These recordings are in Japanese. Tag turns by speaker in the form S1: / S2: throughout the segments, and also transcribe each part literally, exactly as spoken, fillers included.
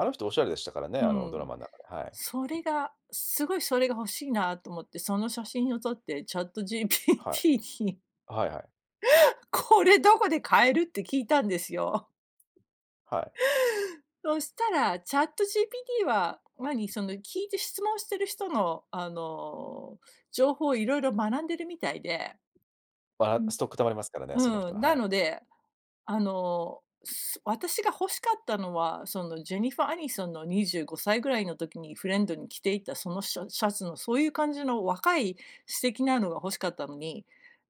S1: あの人おしゃれでしたからね、
S2: う
S1: あのドラ
S2: ん。
S1: マん中で、は
S2: そ
S1: い。
S2: れが、すごいそれが欲しいなと思って、その写真を撮って
S1: はい。
S2: ChatGPT に
S1: あ、はいはい。
S2: 「これどこで買える？」って聞いたんですよ。
S1: はい。
S2: そしたら、ChatGPT は、何、その聞いて質問してる人の、あの、情報をいろいろ学んでるみたいでう
S1: は、
S2: ん。
S1: ストック溜まりますからね、その
S2: う
S1: 人の、
S2: ん、
S1: は
S2: な
S1: い。
S2: ので、あの、そ私が欲しかったのは、そのジェニファー・アニソンのにじゅうごさいぐらいの時に、フレンドに着ていたそのシャシャツのそういう感じの若い素敵なのが欲しかったのに、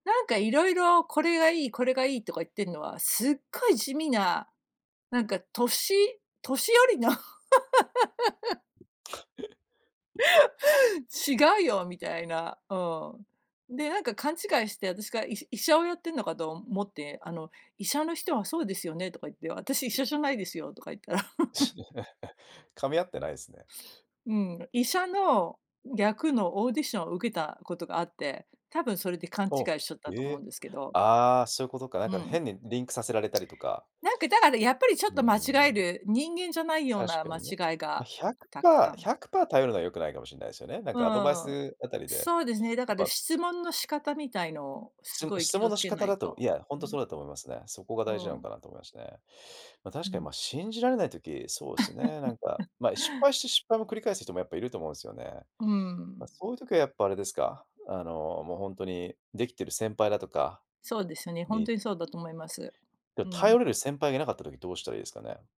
S2: なんかいろいろこれがいい、これがいいとか言ってんのは、すっごい地味な、なんか年年寄りの。違うよ、みたいな。うん。で、なんか勘違いして、私が、い医者をやってるのかと思って。あの、医者の人はそうですよねとか言って、私は医者じゃないですよとか言ったら。
S1: 噛み合ってないすね。
S2: うん。医者の役のオーディションを受けたことがあって、多分それで勘
S1: お、
S2: 違いしちゃったと
S1: へ
S2: 思う
S1: え、
S2: んですけど。
S1: ああ、そういうことか。なん
S2: う
S1: か
S2: ん。
S1: 変にリンクさせられたりとか
S2: なんかだからやっぱりちょ
S1: う
S2: っ
S1: ん
S2: と間
S1: う
S2: 違
S1: んう
S2: え
S1: ん。
S2: る、人間じゃないよう
S1: 確
S2: な
S1: か
S2: 間
S1: にね。
S2: 違い
S1: まあ、
S2: が、
S1: ひゃく
S2: たく
S1: パ
S2: さ
S1: ーひ
S2: ん。
S1: ゃくパー頼るのは良くないかもしんないすよね、なん
S2: う
S1: かアドバイ
S2: ん。
S1: スあたりで、
S2: そうですね。だ
S1: やっ
S2: から
S1: ぱ
S2: 質問の仕方みたいのを
S1: し
S2: す
S1: む
S2: ごい
S1: 質
S2: 気
S1: 問
S2: を
S1: の
S2: つ
S1: 仕
S2: けな
S1: 方
S2: い
S1: だと
S2: と。
S1: いや、ほん
S2: う
S1: とそ
S2: ん。
S1: うだと思いますね。そこが
S2: う
S1: 大事なの
S2: ん。
S1: かなと思いましね。まあ、
S2: う
S1: 確かに
S2: ん。
S1: まあ、信じられない時、そうですよね、なんか、まあ、失敗して失敗も繰り返す人もやっぱいると思うんすよね。
S2: う
S1: まあ、
S2: ん。
S1: そういう時はやっぱあれですか、あの、もうほんとにできてる先輩だとか
S2: そうですよね、ほん
S1: にうん。
S2: とにそうだと思います。
S1: でお
S2: うん。
S1: 頼れる先輩がいなかった時どうしたらいいですかね？